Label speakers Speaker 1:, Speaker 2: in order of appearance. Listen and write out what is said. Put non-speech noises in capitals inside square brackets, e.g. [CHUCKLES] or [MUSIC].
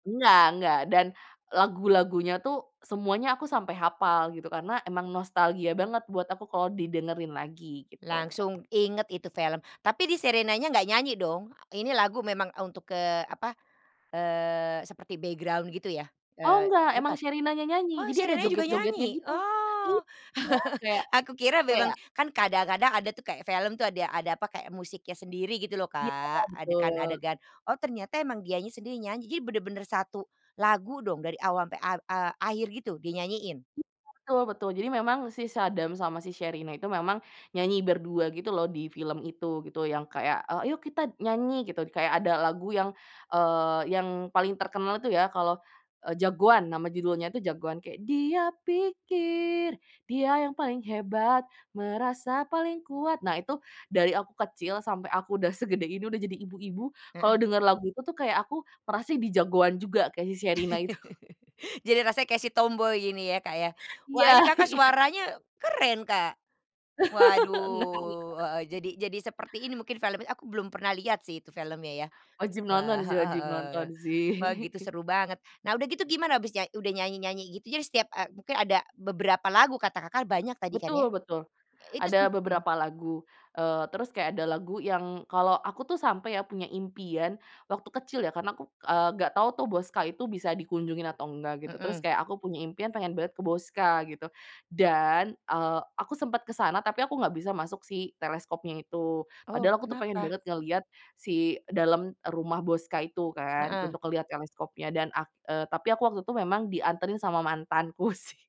Speaker 1: Enggak enggak dan lagu-lagunya tuh, semuanya aku sampai hafal gitu, karena emang nostalgia banget buat aku kalau didengerin lagi, gitu.
Speaker 2: Langsung inget itu film, tapi di Sherinanya enggak nyanyi, dong. Ini lagu memang untuk, eee, apa, eee, seperti background gitu ya.
Speaker 1: Oh,
Speaker 2: Eee,
Speaker 1: nggak, emang
Speaker 2: bukan.
Speaker 1: Sherinanya nyanyi,
Speaker 2: Oh,
Speaker 1: jadi ada
Speaker 2: Sherinanya juga
Speaker 1: joget-jogetnya
Speaker 2: nyanyi?
Speaker 1: gitu,
Speaker 2: Oh,
Speaker 1: iya, kayak
Speaker 2: [CHUCKLES] aku kira memang
Speaker 1: kayak
Speaker 2: kan kadang-kadang ada tuh, kayak film tuh, ada ada, apa, kayak musiknya sendiri gitu loh,
Speaker 1: Iya,
Speaker 2: Kak,
Speaker 1: betul.
Speaker 2: adegan-adegan, oh, ternyata emang dianya sendiri nyanyi, jadi bener-bener 1 lagu dong, dari awal sampai ak e akhir gitu dia nyanyiin?
Speaker 1: Betul, betul. Jadi memang si Saddam sama si Sherina itu memang nyanyi berdua gitu loh, di film itu, gitu. Yang kayak ayo kita nyanyi gitu, kayak ada lagu yang, eee, yang paling terkenal itu ya, kalau Jagoan, nama judulnya itu Jagoan, kayak, "Dia pikir, dia yang paling hebat, merasa paling kuat", nah, itu dari aku kecil sampai aku udah segede ini udah jadi ibu-ibu
Speaker 2: Mhm.
Speaker 1: kalau denger lagu itu tuh kayak aku merasa jadi Jagoan juga, kayak si Sherina itu.
Speaker 2: [CHUCKLES] Jadi rasanya kayak si tomboi ini ya, Kak, ya?
Speaker 1: Iya
Speaker 2: Wah, ini Kakak
Speaker 1: iya.
Speaker 2: suaranya keren, Kak.
Speaker 1: Enggak enggak.
Speaker 2: Waduh, heeh, jadi jadi seperti ini mungkin filmnya aku belum pernah lihat sih, itu filmnya, ya.
Speaker 1: Wajib nonton
Speaker 2: Wah,
Speaker 1: sih
Speaker 2: heeh
Speaker 1: wajib
Speaker 2: heeh.
Speaker 1: nonton sih.
Speaker 2: Wah, gitu
Speaker 1: [CHUCKLES]
Speaker 2: seru banget. Nah, udah gitu gimana abis nya udah nyanyi-nyanyi gitu, jadi setiap e mungkin ada beberapa lagu kata Kakak banyak tadi kan ya?
Speaker 1: Betul betul.
Speaker 2: Itu s
Speaker 1: Ada
Speaker 2: mhm.
Speaker 1: beberapa lagu, eee, terus kayak ada lagu yang kalau aku tuh sampe ya, punya impian, waktu kecil ya, karena aku, eee, nggak tahu tuh Boscha itu bisa dikunjungi atau enggak, gitu. Terus
Speaker 2: Mhm.
Speaker 1: kayak aku punya impian pengen banget ke Boscha, gitu, dan, eee, aku sempat ke sana tapi aku nggak bisa masuk si teleskopnya itu,
Speaker 2: Oh,
Speaker 1: padahal aku tuh pengen
Speaker 2: kenapa?
Speaker 1: banget ngelihat si dalam rumah Boscha itu kan,
Speaker 2: Heeh.
Speaker 1: untuk ngelihat teleskopnya dan ak eee, tapi aku waktu itu memang dianterin sama mantanku sih.